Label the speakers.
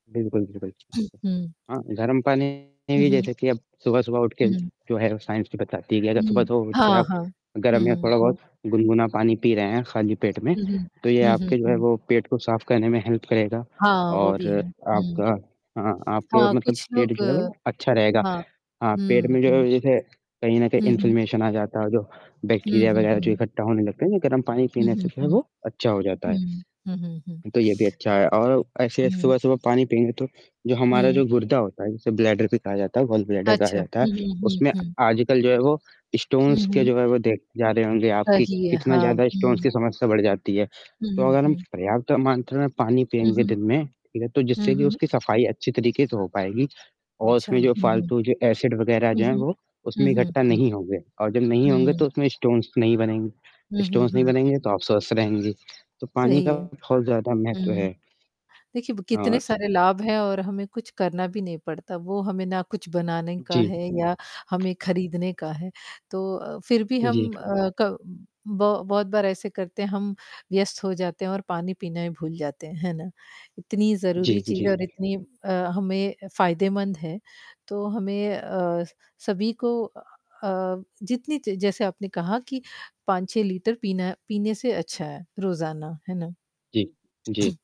Speaker 1: बिल्कुल, बिल्कुल, बिल्कुल।
Speaker 2: हुँ।
Speaker 1: हाँ, गर्म
Speaker 2: हुँ,
Speaker 1: पानी
Speaker 2: हुँ।
Speaker 1: जैसे कि अब सुबह-सुबह उठ के
Speaker 2: हुँ।
Speaker 1: जो है साइंस भी बताती है कि अगर आप
Speaker 2: हुँ।
Speaker 1: सुबह-सुबह उठ के
Speaker 2: हाँ,
Speaker 1: आप
Speaker 2: हाँ। हुँ,
Speaker 1: गर्म या
Speaker 2: हुँ, हुँ।
Speaker 1: थोड़ा-बहुत गुनगुना पानी पी रहे हैं, खाली पेट में
Speaker 2: हुँ, हुँ।
Speaker 1: तो ये
Speaker 2: हुँ, हुँ,
Speaker 1: आपके जो है
Speaker 2: हुँ।
Speaker 1: वो पेट को साफ करने में हेल्प करेगा
Speaker 2: हाँ, वो
Speaker 1: और
Speaker 2: भी है। हुँ।
Speaker 1: आपका हाँ, आपके
Speaker 2: हाँ,
Speaker 1: मतलब
Speaker 2: कुछ
Speaker 1: पेट
Speaker 2: लोग
Speaker 1: जो है वो अच्छा रहेगा।
Speaker 2: हाँ।
Speaker 1: हाँ, पेट
Speaker 2: हुँ,
Speaker 1: में
Speaker 2: हुँ।
Speaker 1: ज जैसे कहीं न कहीं
Speaker 2: हुँ, हुँ।
Speaker 1: इन्फ्लेमेशन आ जाता है और जो
Speaker 2: हुँ,
Speaker 1: बैक्टीरिया
Speaker 2: हुँ,
Speaker 1: वगैरह जो
Speaker 2: हुँ।
Speaker 1: इकट्ठा होने लगते हैं, वो गर्म पानी
Speaker 2: हुँ,
Speaker 1: पीने
Speaker 2: हुँ,
Speaker 1: से फिर
Speaker 2: हुँ।
Speaker 1: वो अच्छा हो जाता
Speaker 2: हुँ,
Speaker 1: है।
Speaker 2: हुँ, हुँ, हुँ।
Speaker 1: तो ये भी अच्छा है और ऐसे
Speaker 2: हुँ।
Speaker 1: सुबह-सुबह पानी पिएँगे, तो जो हमारा
Speaker 2: हुँ।
Speaker 1: जो गुर्दा होता है जिसे ब्लैडर भी कहा जाता है गॉल ब्लैडर कहा
Speaker 2: अच्छा।
Speaker 1: जाता है,
Speaker 2: हुँ, हुँ, हुँ,
Speaker 1: उसमें
Speaker 2: हुँ।
Speaker 1: आजकल जो है वो
Speaker 2: हुँ,
Speaker 1: स्टोन्स के
Speaker 2: हुँ।
Speaker 1: जो है वो देखे जा रहे होंगे आप कि
Speaker 2: सही है।
Speaker 1: कितना
Speaker 2: हाँ।
Speaker 1: ज़्यादा स्टोन्स
Speaker 2: हुँ।
Speaker 1: की समस्या बढ़ जाती है।
Speaker 2: हुँ,
Speaker 1: तो
Speaker 2: हुँ,
Speaker 1: अगर हम
Speaker 2: हुँ।
Speaker 1: पर्याप्त मात्रा में पानी
Speaker 2: हुँ,
Speaker 1: पिएँगे
Speaker 2: हुँ।
Speaker 1: दिन में ठीक है, तो
Speaker 2: हुँ,
Speaker 1: जिससे भी
Speaker 2: हुँ।
Speaker 1: उसकी सफाई अच्छी तरीके से हो पाएगी और
Speaker 2: अच्छा। हुँ,
Speaker 1: उसमें जो
Speaker 2: हुँ।
Speaker 1: फालतू जो एसिड वगैरह
Speaker 2: हुँ,
Speaker 1: जो हैं
Speaker 2: हुँ।
Speaker 1: वो
Speaker 2: हुँ,
Speaker 1: उसमें
Speaker 2: हुँ,
Speaker 1: इकट्ठा
Speaker 2: हुँ।
Speaker 1: नहीं होंगे और जब नहीं होंगे
Speaker 2: हुँ।
Speaker 1: तो उसमें स्टोन्स नहीं बनेंगे,
Speaker 2: हुँ, हुँ,
Speaker 1: स्टोन्स नहीं
Speaker 2: हुँ।
Speaker 1: बनेंगे तो आप स्वस्थ रहेंगे। तो पानी
Speaker 2: सही
Speaker 1: का
Speaker 2: है।
Speaker 1: बहुत ज़्यादा महत्व
Speaker 2: हुँ।
Speaker 1: है।
Speaker 2: देखिए ब
Speaker 1: हाँ,
Speaker 2: कितने
Speaker 1: बस
Speaker 2: सारे लाभ हैं और हमें कुछ करना भी नहीं पड़ता, वो हमें ना कुछ बनाने का
Speaker 1: जी।
Speaker 2: है या हमें खरीदने का है। तो अ, फिर भी
Speaker 1: जी।
Speaker 2: हम अ, क ब बहुत बार ऐसे करते हैं, हम व्यस्त हो जाते हैं और पानी पीना ही भूल जाते हैं। हैं ना? इतनी
Speaker 1: जी,
Speaker 2: ज़रूरी
Speaker 1: जी,
Speaker 2: चीज़ है
Speaker 1: जी।
Speaker 2: और इतनी अ, हमें फायदेमंद है तो हमें अ, स सभी को अ, जितनी च जैसे आपने कहा कि 5-6 लीटर पीना पीने से अच्छा है रोज़ाना, है ना?
Speaker 1: जी। जी।